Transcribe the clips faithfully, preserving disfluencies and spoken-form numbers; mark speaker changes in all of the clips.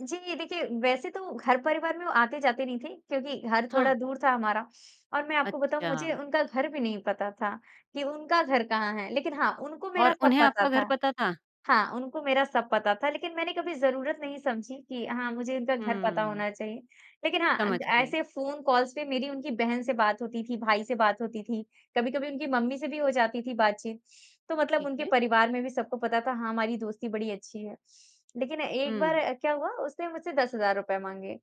Speaker 1: जी, देखिए वैसे तो घर-परिवार में वो आते-जाते नहीं थे क्योंकि घर थोड़ा
Speaker 2: हाँ।
Speaker 1: दूर था हमारा और मैं आपको बताऊँ मुझे
Speaker 2: अच्छा।
Speaker 1: उनका घर भी नहीं पता था, कि उनका घर कहाँ है लेकिन हाँ, उनको मेरा
Speaker 2: और
Speaker 1: सब
Speaker 2: उन्हें
Speaker 1: पता
Speaker 2: आपका घर
Speaker 1: था
Speaker 2: पता था?
Speaker 1: हाँ, उनको मेरा सब पता था लेकिन मैंने कभी जरूरत नहीं समझी कि हाँ, मुझे इनका घर पता
Speaker 2: हुँ।
Speaker 1: होना चाहिए, लेकिन हाँ, अ,
Speaker 2: समझ गई।
Speaker 1: ऐसे फ़ोन कॉल्स पे मेरी उनकी बहन से बात होती थी, भाई से बात होती थी, कभी-कभी उनकी मम्मी से भी हो जाती थी बातचीत, तो मतलब
Speaker 2: ठीक
Speaker 1: उनके
Speaker 2: है।
Speaker 1: परिवार में भी सबको पता था हाँ, हमारी दोस्ती बड़ी अच्छी है। लेकिन एक बार
Speaker 2: हुँ।
Speaker 1: अ, क्या हुआ उसने मुझसे दस हज़ार रुपए माँगे,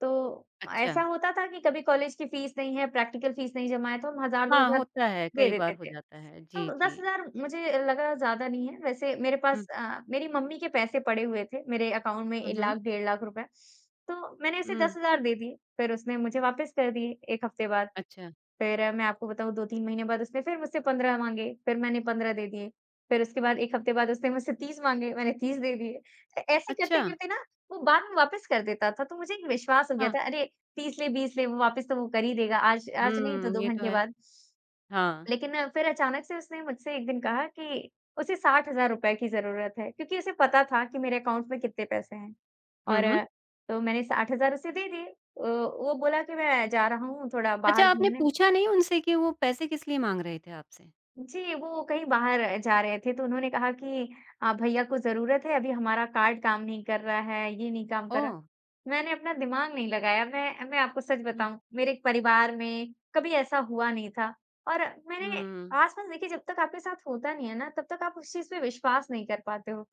Speaker 1: तो ऐसा
Speaker 2: अच्छा।
Speaker 1: होता था कि कभी कॉलेज की फ़ीस नहीं है, प्रैक्टिकल फ़ीस नहीं जमा है तो हम हज़ार दो
Speaker 2: हाँ,
Speaker 1: हज़ार
Speaker 2: होता है
Speaker 1: दे
Speaker 2: कई बार
Speaker 1: देते
Speaker 2: हो
Speaker 1: थे।
Speaker 2: जाता है। जी,
Speaker 1: तो दस
Speaker 2: जी।
Speaker 1: हज़ार मुझे लगा ज़्यादा नहीं है वैसे मेरे
Speaker 2: हुँ।
Speaker 1: पास अ, मेरी मम्मी के पैसे पड़े हुए थे मेरे अकाउंट में ए
Speaker 2: हुँ, हुँ।
Speaker 1: लाख, डेढ़ लाख रुपए, तो मैंने उसे
Speaker 2: हुँ।
Speaker 1: दस हज़ार दे दिए। फिर उसने मुझे वापस कर दिए एक हफ़्ते बाद।
Speaker 2: अच्छा।
Speaker 1: फिर मैं आपको बताऊँ दो तीन महीने बाद उसने फिर मुझसे पंद्रह माँगे, फिर मैंने पंद्रह दे दिए। फिर उसके बाद एक हफ़्ते बाद उसने मुझसे तीस माँगे, मैंने तीस दे दिए। ऐसे
Speaker 2: अच्छा।
Speaker 1: करते-करते ना, वो बाद में वापस कर देता था तो मुझे एक विश्वास हो गया
Speaker 2: हाँ।
Speaker 1: था अरे तीस ले बीस ले वापिस तो वो कर ही देगा। आज आज नहीं तो
Speaker 2: हुँ,
Speaker 1: दो
Speaker 2: ये तो
Speaker 1: घंटे
Speaker 2: है।
Speaker 1: बाद।
Speaker 2: हाँ।
Speaker 1: लेकिन फिर अचानक से उसने मुझसे एक दिन कहा कि उसे साठ हज़ार रुपए की जरूरत है क्योंकि उसे पता था कि मेरे अकाउंट में कितने पैसे हैं
Speaker 2: हुँ, हुँ।
Speaker 1: और, तो मैंने साठ हज़ार उसे दे दिए अ, वो बोला कि, "मैं जा रहा हूँ थोड़ा
Speaker 2: अच्छा
Speaker 1: बाहर
Speaker 2: आपने
Speaker 1: घूमने।"
Speaker 2: पूछा नहीं उनसे कि वो पैसे किस लिए माँग रहे थे आपसे?
Speaker 1: जी, वो कहीं बाहर जा रहे थे तो उन्होंने कहा कि, "अ, भैया को ज़रूरत है अभी हमारा कार्ड काम नहीं कर रहा है, ये नहीं काम कर रहा।"
Speaker 2: ओह!
Speaker 1: मैंने अपना दिमाग नहीं लगाया। मैं मैं आपको सच
Speaker 2: हुँ।
Speaker 1: बताऊँ मेरे परिवार में कभी ऐसा हुआ नहीं था, और मैंने
Speaker 2: हुँ।
Speaker 1: आसपास देखिए जब तक आपके साथ होता नहीं है ना तब तक आप उस चीज़ पे विश्वास नहीं कर पाते हो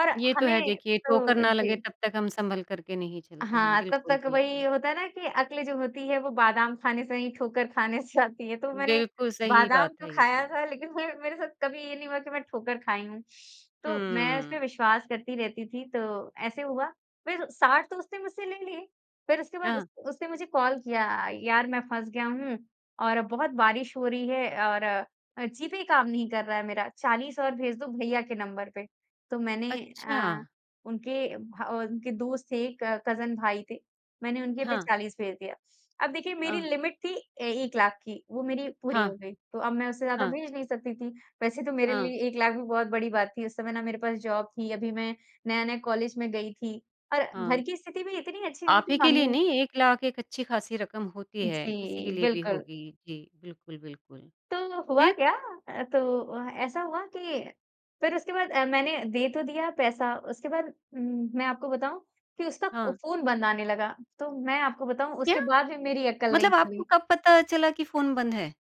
Speaker 1: और
Speaker 2: ये तो है
Speaker 1: हमें
Speaker 2: देखिए, ठोकर
Speaker 1: तो
Speaker 2: ना लगे
Speaker 1: जी।
Speaker 2: तब तक हम संभल कर के नहीं चलते हैं,
Speaker 1: हाँ, तब
Speaker 2: बिल्कुल,
Speaker 1: तक वही
Speaker 2: बिल्कुल।
Speaker 1: होता है ना कि अक्ल जो होती है वो बादाम खाने से नहीं ठोकर खाने से आती है। तो मैंने
Speaker 2: बिल्कुल, सही
Speaker 1: बादाम
Speaker 2: बात
Speaker 1: तो
Speaker 2: है ये
Speaker 1: खाया
Speaker 2: तो।
Speaker 1: था लेकिन मैं मेरे साथ कभी ये नहीं हुआ कि मैं ठोकर खाई हूँ। तो मैं
Speaker 2: हुँ।
Speaker 1: उसपे विश्वास करती रहती थी तो ऐसे हुआ फिर साठ तो उसने मुझसे ले लिए, फिर उसके बाद उस
Speaker 2: हाँ।
Speaker 1: उसने मुझे कॉल किया, "यार मैं फँस गया हूँ और बहुत बारिश हो रही है और अ, जीपे काम नहीं कर रहा है मेरा चालीस और भेज दो भैया के नंबर पे।" तो मैंने अ,
Speaker 2: अच्छा।
Speaker 1: उनके और उनके दोस्त थे, कजिन भाई थे, मैंने उनके पे
Speaker 2: हाँ।
Speaker 1: चालीस भेज दिया। अब देखिए मेरी
Speaker 2: हाँ।
Speaker 1: लिमिट थी ए एक लाख की वो मेरी पूरी
Speaker 2: हाँ,
Speaker 1: हो गई। तो अब मैं उसे ज़्यादा
Speaker 2: हाँ।
Speaker 1: भेज नहीं सकती थी। वैसे तो मेरे
Speaker 2: हाँ।
Speaker 1: लिए एक लाख भी बहुत बड़ी बात थी उस समय ना मेरे पास जॉब थी, अभी मैं नया-नया कॉलेज में गई थी और
Speaker 2: हाँ।
Speaker 1: घर की स्थिति भी इतनी अच्छी नहीं
Speaker 2: आप ही
Speaker 1: थी
Speaker 2: के लिए
Speaker 1: मम्मी
Speaker 2: नहीं एक लाख एक अच्छी-खासी रकम होती है, किसी के
Speaker 1: जी,
Speaker 2: लिए भी
Speaker 1: बिल्कुल।
Speaker 2: होगी। जी, बिल्कुल, बिल्कुल,
Speaker 1: तो हुआ
Speaker 2: फिर?
Speaker 1: क्या? अ, तो अ, ऐसा हुआ कि फिर उसके बाद अ, मैंने दे तो दिया पैसा उसके बाद, उम, मैं आपको बताऊँ कि उसका ओ,
Speaker 2: हाँ।
Speaker 1: फ़ोन बंद आने लगा तो मैं आपको बताऊँ
Speaker 2: क्या?
Speaker 1: उसके बाद भी मेरी अकल नहीं
Speaker 2: मतलब आपको
Speaker 1: खुली।
Speaker 2: कब पता चला कि फ़ोन बंद है?